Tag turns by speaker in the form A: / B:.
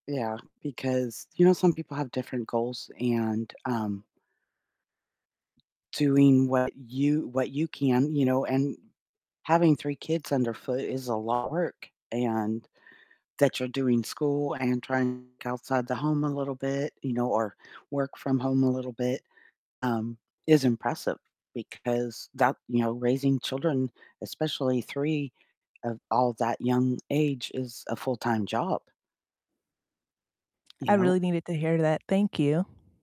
A: Yeah, because, you know, some people have different goals and, um doing what you what you can, you know, and having 3 kids underfoot is a lot work, and that you're doing school and trying c outside the home a little bit, you know, or work from home a little bit, um, is impressive because that you know, raising children, especially 3 of all that young age is a full-time job. You
B: I
A: know
B: really needed to hear that. Thank you.